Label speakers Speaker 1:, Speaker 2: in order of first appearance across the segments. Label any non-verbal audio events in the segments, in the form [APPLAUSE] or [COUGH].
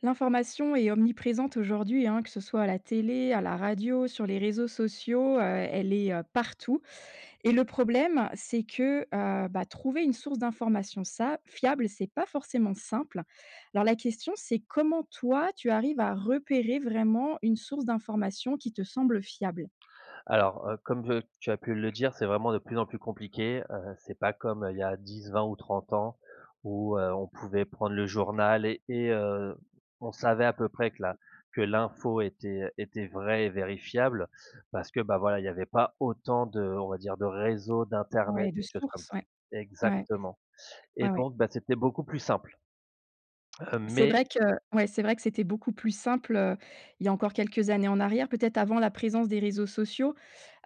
Speaker 1: L'information est omniprésente aujourd'hui, hein, que ce soit à la télé, à la radio, sur les réseaux sociaux, heu, elle est partout et le problème c'est que, heu, bah, trouver une source d'information ça fiable, c'est pas forcément simple. Alors la question, c'est comment toi tu arrives à repérer vraiment une source d'information qui te semble fiable?
Speaker 2: Alors, heu, comme j tu as pu le dire c'est vraiment de plus en plus compliqué, heu, c'est pas comme il y a 10-20 ou 30 ans où, heu, on pouvait prendre le journal et heu, on savait à peu près que la que l'info était était vraie et vérifiable parce que, beh, voilà il y avait pas autant de on va dire de réseau d'internet
Speaker 1: Ouais.
Speaker 2: des
Speaker 1: De
Speaker 2: choses comme
Speaker 1: source,
Speaker 2: ça.
Speaker 1: ouais. Ouais.
Speaker 2: Exactement, et
Speaker 1: Ouais, ouais.
Speaker 2: donc, ben, c'était beaucoup plus simple, heu,
Speaker 1: C'est
Speaker 2: mais
Speaker 1: vrai que ouais, c'est vrai que c'était beaucoup plus simple, heu, il y a encore quelques années en arrière. Peut-être avant la présence des réseaux sociaux,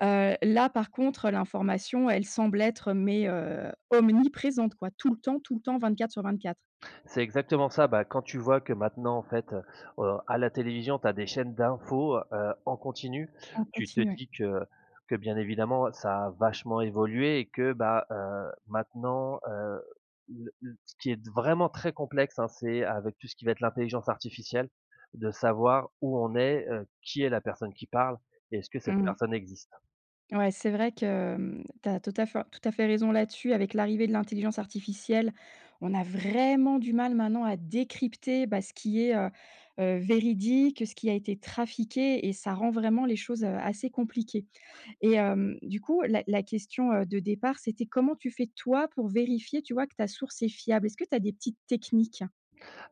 Speaker 1: heu, là par contre l'information elle semble être mais, heu, omniprésente quoi tout le temps, tout le temps 24 sur 24.
Speaker 2: C'est exactement ça. Beh, quand tu vois que maintenant en fait au à la télévision tu as des chaînes d'infos, heu, en continu.
Speaker 1: En
Speaker 2: Tu te
Speaker 1: continue, ouais.
Speaker 2: dis que que bien évidemment ça a vachement évolué et que, bah, heu, maintenant, heu, le le ce qui est d vraiment très complexe, hein. C'est avec tout ce qui va être l'intelligence artificielle de savoir où on est, heu, qui est la personne qui parle et est-ce que cette
Speaker 1: Mmh mh.
Speaker 2: personne existe?
Speaker 1: Ouais, c'est vrai que, hem, tu as tout à fait tout à fait raison là-dessus. Avec l'arrivée de l'intelligence artificielle, on a vraiment du mal maintenant à décrypter, bah, ce qui est, heu, heu, véridique, ce qui a été trafiqué, et ça rend vraiment les choses, heu, assez compliquées et hem, du coup, la la question, heu, de départ c'était: «Comment tu fais, toi, pour vérifier, tu vois? Que ta source est fiable, est-ce que tu as des petites techniques?».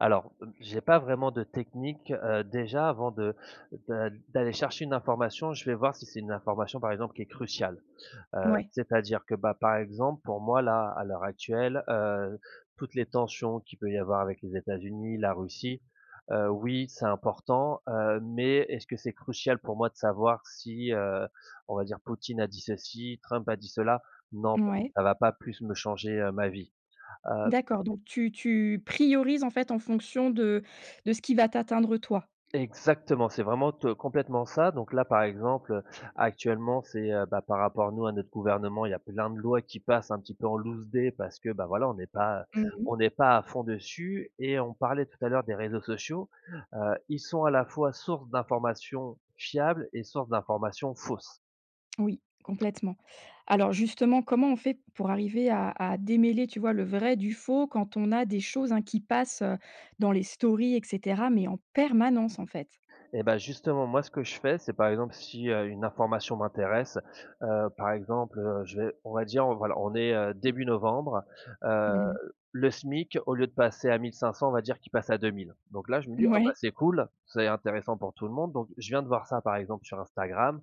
Speaker 2: Alors, heu, j'ai pas vraiment de technique, heu, déjà, avant de de d'aller chercher une information, je vais voir si c'est une information, par exemple, qui est cruciale, heu,
Speaker 1: Ouais.
Speaker 2: c'est-à-dire que, bah, par exemple pour moi, là, à l'heure actuelle, heu, toutes les tensions qui peut y avoir avec les États-Unis, la Russie, heu, oui, c'est important, heu, mais est-ce que c'est crucial pour moi de savoir si, heu, on va dire, Poutine a dit ceci, Trump a dit cela? Non, parce que
Speaker 1: Mouais.
Speaker 2: ça va pas plus me changer, heu, ma vie, heu
Speaker 1: D'accord, donc tu tu priorises, en fait, en fonction de de ce qui va t'atteindre, toi.
Speaker 2: Exactement, c'est vraiment, te complètement ça donc là, par exemple, heu, actuellement, c'est, heu, bah, par rapport nous à notre gouvernement, il y a plein de lois qui passent un petit peu en loucedé, parce que, bah, voilà, on est pas
Speaker 1: Mmh mh.
Speaker 2: on est pas à fond dessus et on parlait tout à l'heure des réseaux sociaux, heu, ils sont à la fois source d'informations fiables et source d'informations fausses.
Speaker 1: Oui, complètement. Alors justement, comment on fait pour arriver à à démêler, tu vois, le vrai du faux quand on a des choses, hein, qui passent, heu, dans les stories et cetera mais en permanence, en fait?
Speaker 2: Et bah, justement, moi, ce que je fais, c'est par exemple si, heu, une information m'intéresse, heu, par exemple, heu, je vais on va dire, heu, voilà, on est, heu, début novembre, heu,
Speaker 1: Mmh mh.
Speaker 2: le SMIC au lieu de passer à 1 500, on va dire qu'il passe à 2 000, donc là, je me dis: «Ah, bah,
Speaker 1: Ouais.
Speaker 2: c'est cool, c'est intéressant pour tout le monde.», donc je viens de voir ça, par exemple, sur Instagram.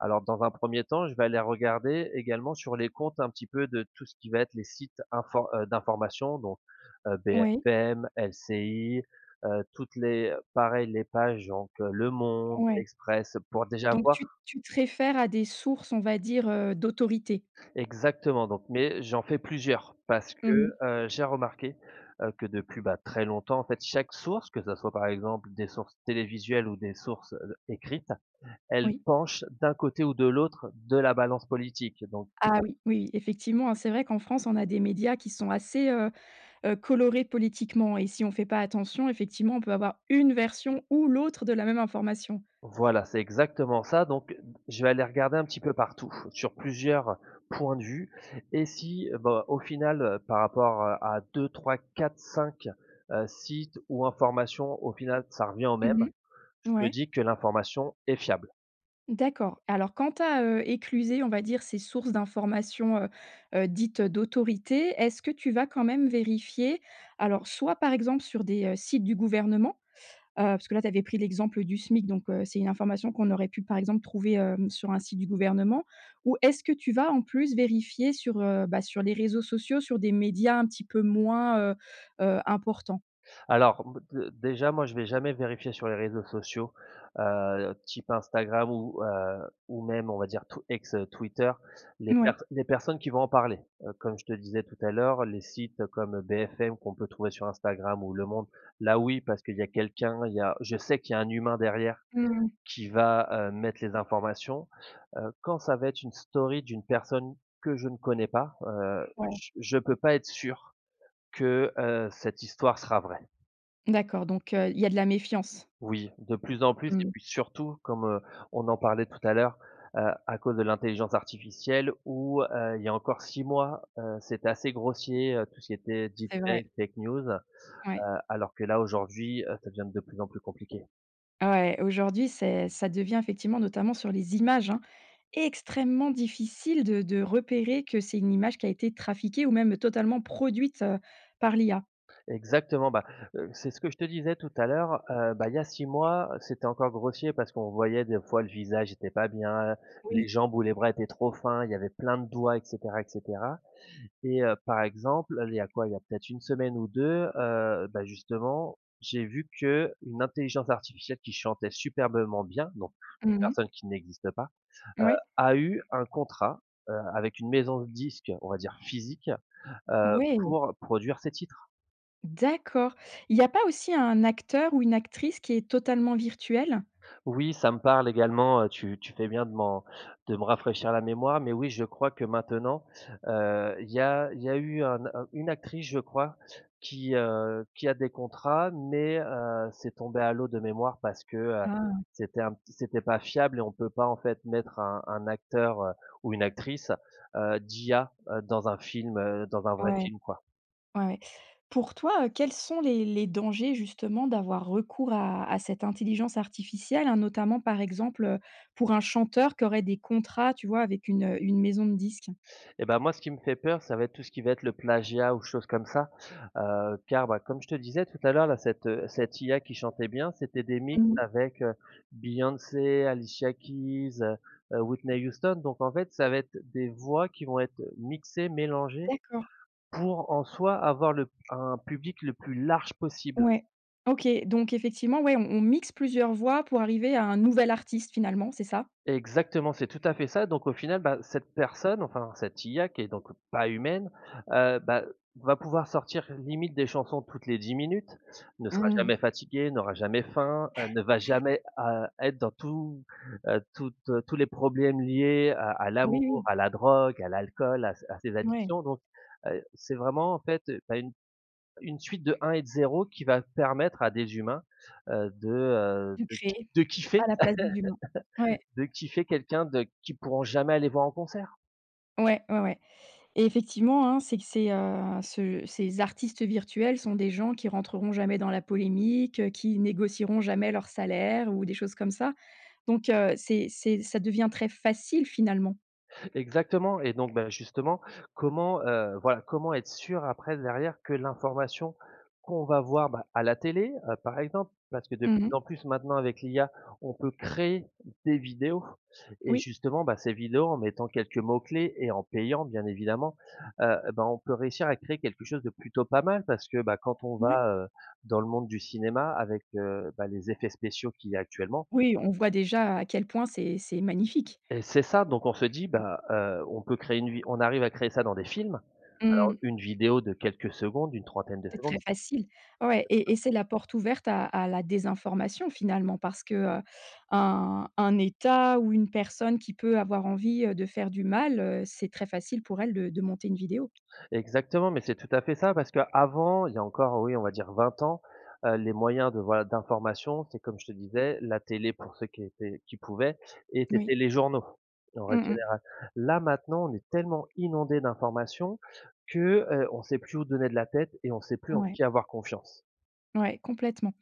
Speaker 2: Alors, dans un 1er temps, je vais aller regarder également sur les comptes un petit peu de tout ce qui va être les sites infor heu, d'information, donc heu,
Speaker 1: Oui.
Speaker 2: BFM, LCI, heu, toutes les pareil les pages donc Le Monde,
Speaker 1: Ouais.
Speaker 2: l'Express pour déjà
Speaker 1: Donc
Speaker 2: voir
Speaker 1: tu tu te réfères à des sources on va dire, heu, d'autorité?
Speaker 2: Exactement, donc mais j'en fais plusieurs parce
Speaker 1: Mmh
Speaker 2: que,
Speaker 1: mh.
Speaker 2: heu, j'ai remarqué, heu, que depuis, bah, très longtemps, en fait, chaque source, que ça soit, par exemple, des sources télévisuelles ou des sources, heu heu, écrites, elles
Speaker 1: Oui.
Speaker 2: penchent d'un côté ou de l'autre de la balance politique donc
Speaker 1: Ah oui! Oui, oui, effectivement, hein, c'est vrai qu'en France on a des médias qui sont assez, heu heu, colorés politiquement et si on fait pas attention, effectivement, on peut avoir une version ou l'autre de la même information.
Speaker 2: Voilà, c'est exactement ça, donc heu, je vais aller regarder un petit peu partout, sur plusieurs points de vue et si, bah, au final, heu, par rapport, heu, à 2-3-4-5, heu, sites ou informations au final ça revient au même,
Speaker 1: Mmh mh,
Speaker 2: je me
Speaker 1: ouais.
Speaker 2: dis que l'information est fiable.
Speaker 1: D'accord. Alors, quand tu as, heu, éclusé, on va dire, ces sources d'information, heu heu, dites, heu, d'autorité, est-ce que tu vas quand même vérifier? Alors, soit, par exemple sur des, heu, sites du gouvernement, heu, parce que là, tu avais pris l'exemple du SMIC, donc heu, c'est une information qu'on aurait pu, par exemple, trouver, hem, sur un site du gouvernement, ou est-ce que tu vas, en plus, vérifier sur, heu, bah, sur les réseaux sociaux, sur des médias un petit peu moins, heu heu, importants?
Speaker 2: Alors, b d déjà, moi, je vais jamais vérifier sur les réseaux sociaux, heu, type Instagram ou, heu, ou même, on va dire t ex, heu, Twitter. Les per
Speaker 1: Mouais.
Speaker 2: les personnes qui vont en parler. Heu, comme je te disais tout à l'heure, les sites comme BFM qu'on peut trouver sur Instagram ou Le Monde, là, oui, parce qu'il y a quelqu'un, il y a je sais qu'il y a un humain derrière
Speaker 1: Mmh mh.
Speaker 2: qui va, heu, mettre les informations. Heu, quand ça va être une story d'une personne que je ne connais pas, heu,
Speaker 1: Ouais.
Speaker 2: j je peux pas être sûr que, heu, cette histoire sera vraie.
Speaker 1: D'accord. Donc heu, il y a de la méfiance.
Speaker 2: Oui, de plus en plus. Et
Speaker 1: Mmh.
Speaker 2: puis, surtout comme, heu, on en parlait tout à l'heure, heu, à cause de l'intelligence artificielle où, heu, il y a encore 6 mois, heu, c'était assez grossier, heu, tout ce qui était
Speaker 1: C'est vrai.
Speaker 2: deepfakes, fake news.
Speaker 1: Ouais.
Speaker 2: Heu, alors que là, aujourd'hui, heu, ça devient de plus en plus compliqué.
Speaker 1: Ouais, aujourd'hui, c'est ça devient effectivement notamment sur les images, hein, extrêmement difficile de de repérer que c'est une image qui a été trafiquée ou même totalement produite, heu, par l'IA.
Speaker 2: Exactement, bah, heu, c'est ce que je te disais tout à l'heure, heu, bah, il y a 6 mois, c'était encore grossier parce qu'on voyait des fois le visage était pas bien, les
Speaker 1: Oui.
Speaker 2: jambes ou les bras étaient trop fins, il y avait plein de doigts et cetera et cetera. Et heu, par exemple il y a quoi, il y a peut-être 1 semaine ou 2, heu, bah justement, j'ai vu qu'une intelligence artificielle qui chantait superbement bien, donc, une
Speaker 1: Mmh mh.
Speaker 2: personne qui n'existe pas, heu,
Speaker 1: Moui.
Speaker 2: a eu un contrat, heu, avec une maison de disque on va dire physique, heu,
Speaker 1: Ouais!
Speaker 2: pour produire ses titres.
Speaker 1: D'accord. Il y a pas aussi un acteur ou une actrice qui est totalement virtuelle?
Speaker 2: Oui, ça me parle également, heu, tu tu fais bien de m'en de me rafraîchir la mémoire, mais oui je crois que maintenant, heu, il y a il y a eu un une actrice je crois, qui, heu, qui a des contrats mais heu, c'est tombé à l'eau de mémoire parce que, heu,
Speaker 1: Ah!
Speaker 2: c'était un p c'était pas fiable et on peut pas en fait mettre un un acteur, heu, ou une actrice, heu, d'IA, heu, dans un film, heu, dans un vrai
Speaker 1: Ouais.
Speaker 2: film quoi.
Speaker 1: Ouais. Pour toin heu, quels sont les les dangers justement d'avoir recours à à cette intelligence artificielle, hein, notamment par exemple, heu, pour un chanteur qui aurait des contrats, tu vois? Avec une, heu, une maison de disque.
Speaker 2: Et ben moi ce qui me fait peur ça va être tout ce qui va être le plagiat ou chose comme ça, heu, car, bah, comme je te disais tout à l'heure là, cette, heu, cette IA qui chantait bien, c'était des mix
Speaker 1: Mmh.
Speaker 2: avec, heu, Beyoncé, Alicia Keys, heu, Whitney Houston, donc en fait ça va être des voix qui vont être mixées, mélangées,
Speaker 1: D'accord.
Speaker 2: pour en soi, avoir le un public le plus large possible.
Speaker 1: Ouais. OK donc effectivement, ouais, on on mixe plusieurs voix pour arriver à un nouvel artiste finalement c'est ça?
Speaker 2: Exactement c'est tout à fait ça donc au final, bah, cette personne, enfin, cette IA qui est donc pas humaine, heu, bah, va pouvoir sortir limite des chansons toutes les 10 minutes, ne sera
Speaker 1: Mmh
Speaker 2: jamais
Speaker 1: mh.
Speaker 2: fatiguée, n'aura jamais faim, heu, ne va
Speaker 1: [CHUCKLES]
Speaker 2: jamais, heu, être dans tout, heu, toutes tous les problèmes liés à à
Speaker 1: Oui,
Speaker 2: l'amour,
Speaker 1: oui.
Speaker 2: à la drogue, à l'alcool, à ses à ses
Speaker 1: Ouais.
Speaker 2: addictions donc heu, c'est vraiment en fait, heu, tu as une une suite de 1 et de 0 qui va permettre à des humains, heu, de, heu,
Speaker 1: De
Speaker 2: de ki
Speaker 1: créer
Speaker 2: de
Speaker 1: à
Speaker 2: kiffer,
Speaker 1: la place des humains. Ouais.
Speaker 2: [LAUGHS] de kiffer quelqu'un de qui pourront jamais aller voir en concert.
Speaker 1: Ouais, ouais, ouais et effectivement, hein, c'est que ces, heu, ce ces artistes virtuels sont des gens qui rentreront jamais dans la polémique, qui négocieront jamais leurs salaires ou des choses comme ça, donc heu, c'est c'est ça devient très facile, finalement.
Speaker 2: Exactement et donc, ben, justement, comment, heu, voilà, comment être sûr après, derrière, que l'information qu'on va voir, bah, à la télé, heu, par exemple, parce que de
Speaker 1: Mmh
Speaker 2: plus
Speaker 1: mh.
Speaker 2: en plus maintenant avec l'IA, on peut créer des vidéos et
Speaker 1: Oui.
Speaker 2: justement, bah, ces vidéos en mettant quelques mots clés et en payant, bien évidemment, heu, eh ben, on peut réussir à créer quelque chose de plutôt pas mal, parce que, bah, quand on
Speaker 1: Ouais.
Speaker 2: va, heu, dans le monde du cinéma avec, heu, bah, les effets spéciaux qu'il y a actuellement
Speaker 1: Oui, on voit déjà à quel point c'est c'est magnifique.
Speaker 2: et c'est ça, donc on se dit:
Speaker 1: Mmh.
Speaker 2: «Bah, heu, on peut créer une vi on arrive à créer ça dans des films,
Speaker 1: Mmh
Speaker 2: alors
Speaker 1: mh.
Speaker 2: une vidéo de quelques secondes, une trentaine de
Speaker 1: C'est
Speaker 2: secondes»
Speaker 1: très facile. Ouais et
Speaker 2: [UNINTELLIGIBLE]
Speaker 1: et c'est la porte ouverte à à la désinformation, finalement, parce que, heu, un un état ou une personne qui peut avoir envie, heu, de faire du mal, heu, c'est très facile pour elle de de monter une vidéo.
Speaker 2: Exactement, mais c'est tout à fait ça parce qu'avant, il y a encore, heu, oui, on va dire 20 ans, heu, les moyens de voilà, d'information, c'est comme je te disais la télé pour ceux qui étaient qui pouvaient et
Speaker 1: Oui.
Speaker 2: c'était les journaux, en règle
Speaker 1: Mmh mh.
Speaker 2: générale. Là, maintenant on est tellement inondé d'informations que, heu, on sait plus où donner de la tête et on sait plus en
Speaker 1: Ouais.
Speaker 2: qui avoir confiance.
Speaker 1: Ouais complètement.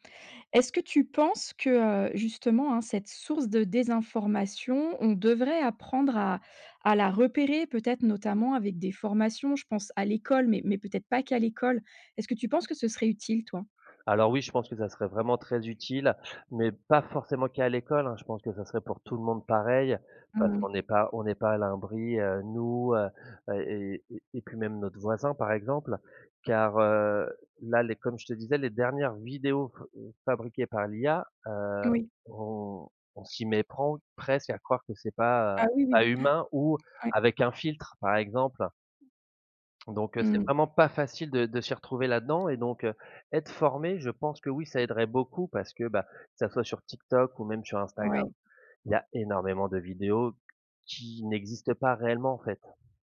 Speaker 1: Est-ce que tu penses que, heu, justement, hein, cette source de désinformation on devrait apprendre à à la repérer peut-être notamment avec des formations je pense à l'école mais mais peut-être pas qu'à l'école? Est-ce que tu penses que ce serait utile toi?
Speaker 2: Alors oui je pense que ça serait vraiment très utile, mais pas forcément qu'à l'école, hein. Je pense que ça serait pour tout le monde pareil parce
Speaker 1: Mmh mh.
Speaker 2: qu'on n'est pas on n'est pas à l'abri, heu, nous, heu, et et et et puis même notre voisin par exemple, car, heu, là les comme je te disais les dernières vidéos f fabriquées par l'IA, heu,
Speaker 1: Oui.
Speaker 2: on on s'y méprend presque à croire que c'est pas, heu,
Speaker 1: Ah oui oui.
Speaker 2: pas humain ou
Speaker 1: Ouais, ouais.
Speaker 2: avec un filtre par exemple. Donc heu, c'est
Speaker 1: Mmh.
Speaker 2: vraiment pas facile de de s'y retrouver là-dedans et donc heu, être formé je pense que oui ça aiderait beaucoup parce que, bah, que ça soit sur TikTok ou même sur Instagram,
Speaker 1: Ouais.
Speaker 2: il y a énormément de vidéos qui n'existent pas réellement en fait.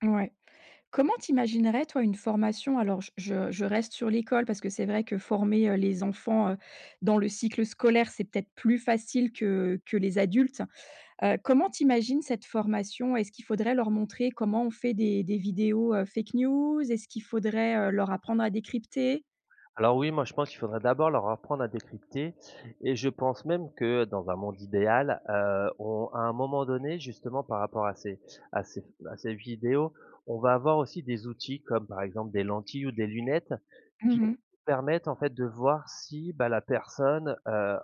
Speaker 1: Ouais. Comment tu imaginerais, toi, une formation alors je je je reste sur l'école parce que c'est vrai que former, heu, les enfants, heu, dans le cycle scolaire c'est peut-être plus facile que que les adultes, heu, comment tu imagines cette formation? Est-ce qu'il faudrait leur montrer comment on fait des des vidéos, heu, fake news? Est-ce qu'il faudrait, heu, leur apprendre à décrypter?
Speaker 2: Alors oui, moi je pense qu'il faudrait d'abord leur apprendre à décrypter et je pense même que dans un monde idéal, heu, on à un moment donné justement par rapport à ces à ces à ces vidéos, on va avoir aussi des outils comme par exemple des lentilles ou des lunettes qui
Speaker 1: Mmh mh.
Speaker 2: permettent en fait de voir si, bah, la personne, heu,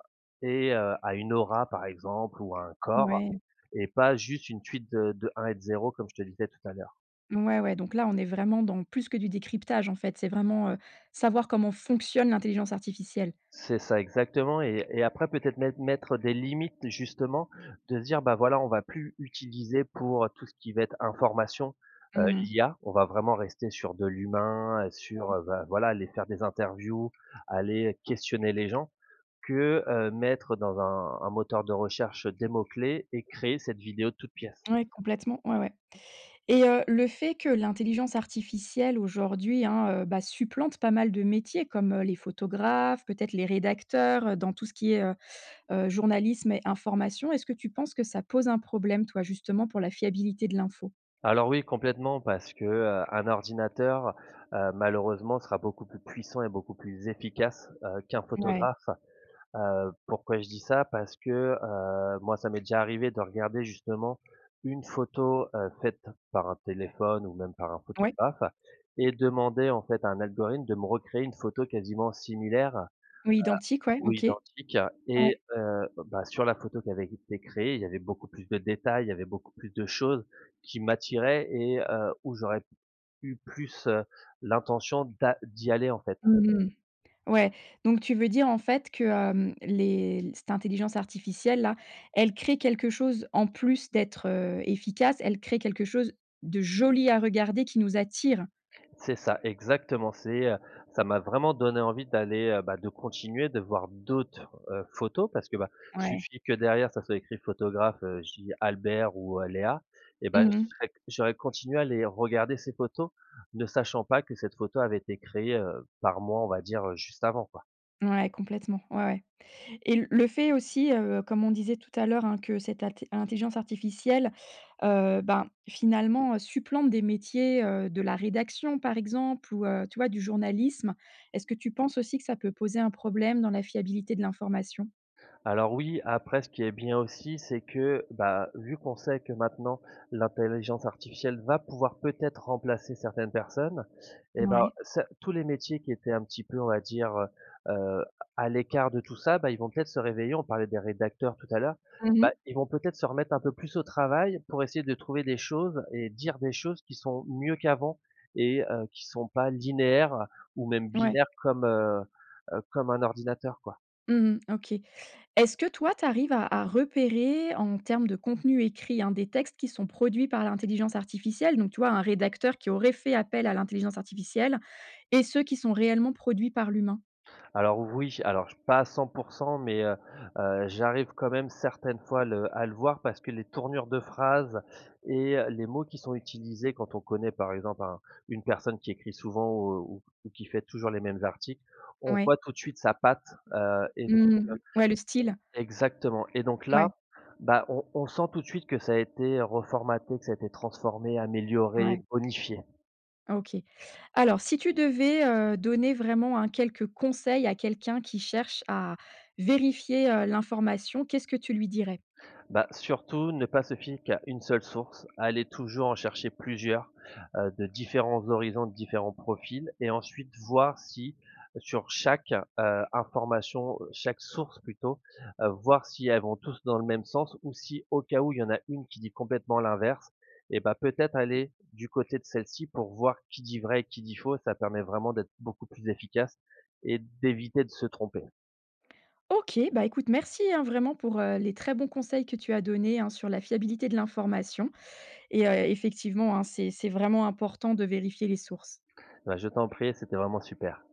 Speaker 2: et heu, a une aura par exemple ou a un corps
Speaker 1: Mouais.
Speaker 2: et pas juste une suite de de 1 et de 0 comme je te disais tout à l'heure.
Speaker 1: Ouais, ouais donc là, on est vraiment dans plus que du décryptage en fait c'est vraiment, heu, savoir comment fonctionne l'intelligence artificielle.
Speaker 2: C'est ça exactement et et après peut-être mettre mettre des limites justement de se dire, bah, voilà, on va plus utiliser pour tout ce qui va être information, heu,
Speaker 1: Mmh mh.
Speaker 2: l'IA. On va vraiment rester sur de l'humain, heu, sur,
Speaker 1: Ouais.
Speaker 2: heu, bah, voilà aller faire des interviews, aller questionner les gens que, heu, mettre dans un un moteur de recherche des mots clés et créer cette vidéo de toutes pièces.
Speaker 1: Ouais complètement ouais, ouais et, heu, le fait que l'intelligence artificielle aujourd'hui, hein, heu, bah, supplante pas mal de métiers comme, heu, les photographes peut-être les rédacteurs, heu, dans tout ce qui est, heu, heu, journalisme et information. Est-ce que tu penses que ça pose un problème toi justement pour la fiabilité de l'info?
Speaker 2: Alors, oui, complètement parce que, heu, un ordinateur, heu, malheureusement sera beaucoup plus puissant et beaucoup plus efficace, heu, qu'un
Speaker 1: Ouais.
Speaker 2: photographe, heu, pourquoi je dis ça? Parce que, heu, moi, ça m'est déjà arrivé de regarder justement une photo, heu, faite par un téléphone ou même par un
Speaker 1: Ouais.
Speaker 2: photographe et demander, en fait, à un algorithme de me recréer une photo quasiment similaire, heu
Speaker 1: Oui, identique ouais,
Speaker 2: ou
Speaker 1: OK.
Speaker 2: identique
Speaker 1: Ouais.
Speaker 2: et heu, bah, sur la photo qui avait été créée il y avait beaucoup plus de détails, il y avait beaucoup plus de choses qui m'attiraient et heu, où j'aurais eu plus, heu, l'intention d'a d'y aller, en fait.
Speaker 1: Mmh mh. Ouais, donc tu veux dire en fait que, hem, les cette intelligence artificielle-là, elle crée quelque chose en plus d'être, heu, efficace, elle crée quelque chose de joli à regarder qui nous attire?
Speaker 2: C'est ça, exactement. C'est, heu, ça m'a vraiment donné envie d'aller, heu, bah, de continuer de voir d'autres, heu, photos parce que, bah,
Speaker 1: Ouais.
Speaker 2: suffit que derrière ça soit écrit photographe, heu, je dis Albert ou, heu, Léa et bah,
Speaker 1: Mmh
Speaker 2: je
Speaker 1: mh.
Speaker 2: serais j'aurais continué à les regarder ces photos ne sachant pas que cette photo avait été créé, heu, par moi, on va dire, heu, juste avant, quoi.
Speaker 1: Ouais, complètement. Ouais, ouais et le fait aussi, heu, comme on disait tout à l'heure, hein, que cette at cette intelligence artificielle, heu, ben, finalement, supplante des métiers, heu, de la rédaction, par exemple ou, heu, tu vois, du journalisme, est-ce que tu penses aussi que ça peut poser un problème dans la fiabilité de l'information?
Speaker 2: Alors oui, après ce qui est bien aussi c'est que, bah, vu qu'on sait que maintenant l'intelligence artificielle va pouvoir peut-être remplacer certaines personnes et bah,
Speaker 1: Mouais.
Speaker 2: ce tous les métiers qui étaient un petit peu on va dire, heu heu, à l'écart de tout ça, bah, ils vont peut-être se réveiller, on parlait des rédacteurs tout à l'heure,
Speaker 1: Mmh
Speaker 2: bah,
Speaker 1: mh.
Speaker 2: ils vont peut-être se remettre un peu plus au travail pour essayer de trouver des choses et dire des choses qui sont mieux qu'avant et, heu, qui sont pas linéaires ou même
Speaker 1: Ouais.
Speaker 2: binaires comme, heu heu, comme un ordinateur, quoi.
Speaker 1: Mmh mh. OK. Est-ce que, toi, tu arrives à à repérer en termes de contenu écrit, hein, des textes qui sont produits par l'intelligence artificielle donc tu vois, un rédacteur qui aurait fait appel à l'intelligence artificielle et ceux qui sont réellement produits par l'humain?
Speaker 2: Alors oui, alors pas à 100 %, mais heu heu, j'arrive quand même certaines fois à le à le voir parce que les tournures de phrases et les mots qui sont utilisés quand on connaît par exemple un une personne qui écrit souvent ou ou ou qui fait toujours les mêmes articles, on
Speaker 1: Ouais.
Speaker 2: voit tout de suite sa patte, heu et donc
Speaker 1: Mmh mh. Ouais, le style.
Speaker 2: heu exactement et donc
Speaker 1: Ouais.
Speaker 2: là, bah, on on sent tout de suite que ça a été reformaté, que ça a été transformé,
Speaker 1: Mouais.
Speaker 2: amélioré, bonifié.
Speaker 1: OK. Alors si tu devais, heu, donner vraiment, hein, quelques conseils à quelqu'un qui cherche à vérifier, heu, l'information, qu'est-ce que tu lui dirais?
Speaker 2: Bah, surtout ne pas se fier qu'à 1 seule source. Aller toujours en chercher plusieurs, heu, de différents horizons, de différents profils et ensuite voir si sur chaque, heu, information, chaque source plutôt, heu, voir si elles vont tous dans le même sens ou si au cas où il y en a une qui dit complètement l'inverse, et bah, peut-être aller du côté de celle-ci pour voir qui dit vrai et qui dit faux, ça permet vraiment d'être beaucoup plus efficace et d'éviter de se tromper.
Speaker 1: OK, bah, écoute, merci, hein, vraiment pour, heu, les très bons conseils que tu as donné, hein, sur la fiabilité de l'information et heu, effectivement, hein, c'est c'est vraiment important de vérifier les sources.
Speaker 2: Bah, je t'en prie et c'était vraiment super.